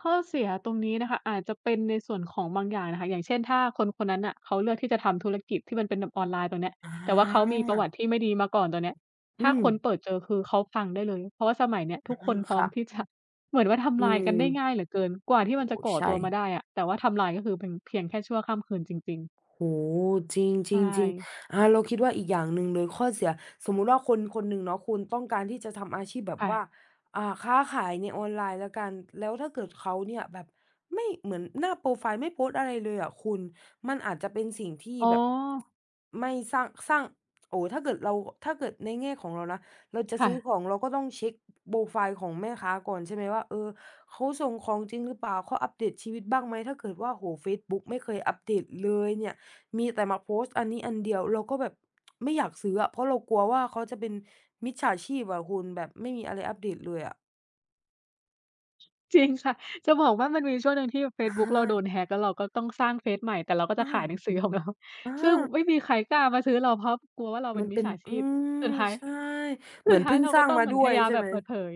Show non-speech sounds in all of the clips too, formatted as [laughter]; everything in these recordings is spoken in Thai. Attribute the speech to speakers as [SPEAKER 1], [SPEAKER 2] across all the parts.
[SPEAKER 1] ข้อเสียตรงนี้นะคะ อาจจะเป็นในส่วนของบางอย่างน่ะค่ะ อย่างเช่น ถ้าคนคนนั้นน่ะ เขาเลือกที่จะทำธุรกิจที่มันเป็นแบบออนไลน์ตรงเนี้ย
[SPEAKER 2] อา
[SPEAKER 1] แต่ว่าเขามีประวัติที่ไม่ดีมาก่อนตรงเนี้ย
[SPEAKER 2] อ
[SPEAKER 1] ถ
[SPEAKER 2] ื
[SPEAKER 1] ้า
[SPEAKER 2] ม
[SPEAKER 1] คนเปิดเจอคือเขาพังได้เลย เพราะว่าสมัยเนี้ย ท
[SPEAKER 2] อ
[SPEAKER 1] ุ
[SPEAKER 2] า
[SPEAKER 1] กคนพร
[SPEAKER 2] ค
[SPEAKER 1] ้อ
[SPEAKER 2] ่
[SPEAKER 1] ม
[SPEAKER 2] ะ
[SPEAKER 1] ที่ จะ เหมือนว่าท
[SPEAKER 2] อื
[SPEAKER 1] ำลายก
[SPEAKER 2] ม
[SPEAKER 1] ันได้ง่ายเหลือเกิน กว่าที่
[SPEAKER 2] โอ
[SPEAKER 1] ม
[SPEAKER 2] ้
[SPEAKER 1] ัน
[SPEAKER 2] โ
[SPEAKER 1] จ
[SPEAKER 2] ฮ
[SPEAKER 1] ะก่อ
[SPEAKER 2] ใช
[SPEAKER 1] ตัวมา
[SPEAKER 2] ่
[SPEAKER 1] ได้อะ แต่ว่าทำลายก็คือเป็นเพียงแค่ชั่วค่ำคืนจริง ๆ
[SPEAKER 2] โอ้โฮ จ
[SPEAKER 1] ใช
[SPEAKER 2] ริง
[SPEAKER 1] ่
[SPEAKER 2] ๆ ๆ อา เราคิดว่าอีกอย่างหนึ่งเลย ข้อเสีย สมมุติว่าคนคนหนึ่งเนาะคุณ ต้องการที่จะทำอาชีพแบ
[SPEAKER 1] ค
[SPEAKER 2] บ
[SPEAKER 1] ่
[SPEAKER 2] ว่า
[SPEAKER 1] ะ
[SPEAKER 2] อ่า ค้าขายในออนไลน์แล้วกัน แล้วถ้าเกิดเขาเนี่ยแบบไม่ เหมือนหน้าโปรไฟล์ไม่โพสต์อะไรเลยอะคุณ มันอาจจะเป็นสิ่งที่
[SPEAKER 1] อ๋อ
[SPEAKER 2] แบบ [tsk] ไม่สร้าง สร้าง โอ้ ถ้าเกิดเรา ถ้าเกิดในแง่ของเรานะ เราจะ
[SPEAKER 1] ค่
[SPEAKER 2] ซื้อ
[SPEAKER 1] ะ
[SPEAKER 2] ของเราก็ต้องเช็ก บ โปรไฟล์ของแม่ค้าก่อน ใช่ไหมว่า เออ เขาส่งของจริงหรือเปล่า? เค้าอัปเดตชีวิตบ้างไหม? ถ้าเกิดว่า โอ้โฮ เฟซบุ๊กไม่เคยอัปเดตเลยเนี่ย มีแต่มาโพสต์อันนี้อันเดียว เราก็แบบ [tsk] ไม่อยากซื้ออะ เพราะเรากลัวว่า เขาจะเป็นมิจฉาชีพอะคุณ แบบไม่มีอะไรอัปเดตเลยอะ
[SPEAKER 1] จริงค่ะ จะบอกว่ามันมีอยู่ช่วงหนึ่งที่แบบเฟ
[SPEAKER 2] อ
[SPEAKER 1] ซ
[SPEAKER 2] ะ
[SPEAKER 1] บุ
[SPEAKER 2] ฮ
[SPEAKER 1] ๊กเราโด
[SPEAKER 2] ะ
[SPEAKER 1] น Hack แล้วเราก็ต้องสร้างเฟซใหม่ แต่เราก็
[SPEAKER 2] อ
[SPEAKER 1] จ
[SPEAKER 2] ื
[SPEAKER 1] ะข
[SPEAKER 2] อ
[SPEAKER 1] าย หนังสือของเรา
[SPEAKER 2] อา
[SPEAKER 1] ซึ่งไม่มีใครกล้ามาซื้อเรา เพราะกลัวว่าเราเป
[SPEAKER 2] ม
[SPEAKER 1] ็
[SPEAKER 2] ั
[SPEAKER 1] น
[SPEAKER 2] น
[SPEAKER 1] มิ
[SPEAKER 2] เป
[SPEAKER 1] จ
[SPEAKER 2] ็
[SPEAKER 1] ฉ
[SPEAKER 2] น
[SPEAKER 1] าช
[SPEAKER 2] อื
[SPEAKER 1] ีพ สุ
[SPEAKER 2] ม
[SPEAKER 1] ดท้าย
[SPEAKER 2] ใช่ เ
[SPEAKER 1] ส
[SPEAKER 2] หม
[SPEAKER 1] ุ
[SPEAKER 2] ื
[SPEAKER 1] ด
[SPEAKER 2] อน
[SPEAKER 1] ท้
[SPEAKER 2] เพ
[SPEAKER 1] าย
[SPEAKER 2] ิ่ง
[SPEAKER 1] เรา
[SPEAKER 2] สร
[SPEAKER 1] ก
[SPEAKER 2] ้
[SPEAKER 1] ็
[SPEAKER 2] าง
[SPEAKER 1] ต้อง
[SPEAKER 2] ม
[SPEAKER 1] เ
[SPEAKER 2] า
[SPEAKER 1] หมื
[SPEAKER 2] ด
[SPEAKER 1] อ
[SPEAKER 2] ้
[SPEAKER 1] นพ
[SPEAKER 2] ว
[SPEAKER 1] ย
[SPEAKER 2] ย
[SPEAKER 1] ายาม
[SPEAKER 2] ใช่
[SPEAKER 1] แบ
[SPEAKER 2] ไ
[SPEAKER 1] บ
[SPEAKER 2] หม?
[SPEAKER 1] เปิ
[SPEAKER 2] อื
[SPEAKER 1] ด
[SPEAKER 2] ม
[SPEAKER 1] เผย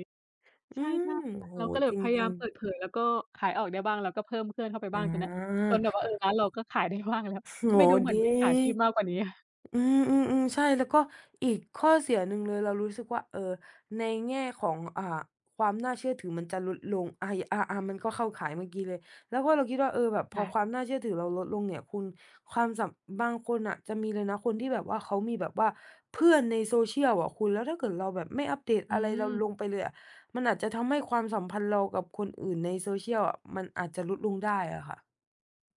[SPEAKER 2] อ
[SPEAKER 1] ใ
[SPEAKER 2] ื
[SPEAKER 1] ช่
[SPEAKER 2] ม
[SPEAKER 1] ๆ ค่ะ
[SPEAKER 2] โอ้โฮ
[SPEAKER 1] เราก็เลยแ
[SPEAKER 2] จ
[SPEAKER 1] บบพยาย
[SPEAKER 2] ร
[SPEAKER 1] า
[SPEAKER 2] ิ
[SPEAKER 1] ม
[SPEAKER 2] ง
[SPEAKER 1] เปิ
[SPEAKER 2] ๆ
[SPEAKER 1] ดเผย แล้วก็ขายออกได้บ้าง แล้วก็เพิ่มเพื่อนเข้าไป
[SPEAKER 2] อ๋
[SPEAKER 1] บ้างตรงเนี้ย จนแบบว่า เออ
[SPEAKER 2] อ
[SPEAKER 1] ร้านเราก็ขาย ได้บ้างแล้ว
[SPEAKER 2] โอ้โฮ
[SPEAKER 1] ไม่ดูเหม
[SPEAKER 2] ด
[SPEAKER 1] ือ
[SPEAKER 2] ี
[SPEAKER 1] นมิจฉาชีพมากกว่านี้ [chuckles]
[SPEAKER 2] อือ ๆ ๆ ใช่ แล้วก็อีกข้อเสียหนึ่งเลย เรารู้สึกว่า เออ ในแง่ของ อ่า ความน่าเชื่อถือมันจะลดลง อา ย อา ๆ มันก็เข้าข่ายเมื่อกี้เลย แล้วก็เราคิดว่า เออ แบบพ
[SPEAKER 1] ค
[SPEAKER 2] อ
[SPEAKER 1] ่
[SPEAKER 2] ค
[SPEAKER 1] ะ
[SPEAKER 2] วามน่าเชื่อถือเราลดลงเนี่ยคุณ ความสับ บางคนน่ะจะมีเลยนะ คนที่แบบว่า เขามีแบบว่าเพื่อนใน Social อะคุณ แล้วถ้าเกิดเราแบบไม่อัปเดต
[SPEAKER 1] อื
[SPEAKER 2] อะไรเรา
[SPEAKER 1] ม
[SPEAKER 2] ลงไปเลยอะ มันอาจจะทำให้ความสัมพันธ์เรากับคนอื่นใน Social อะ มันอาจจะลดลงได้อะค่ะ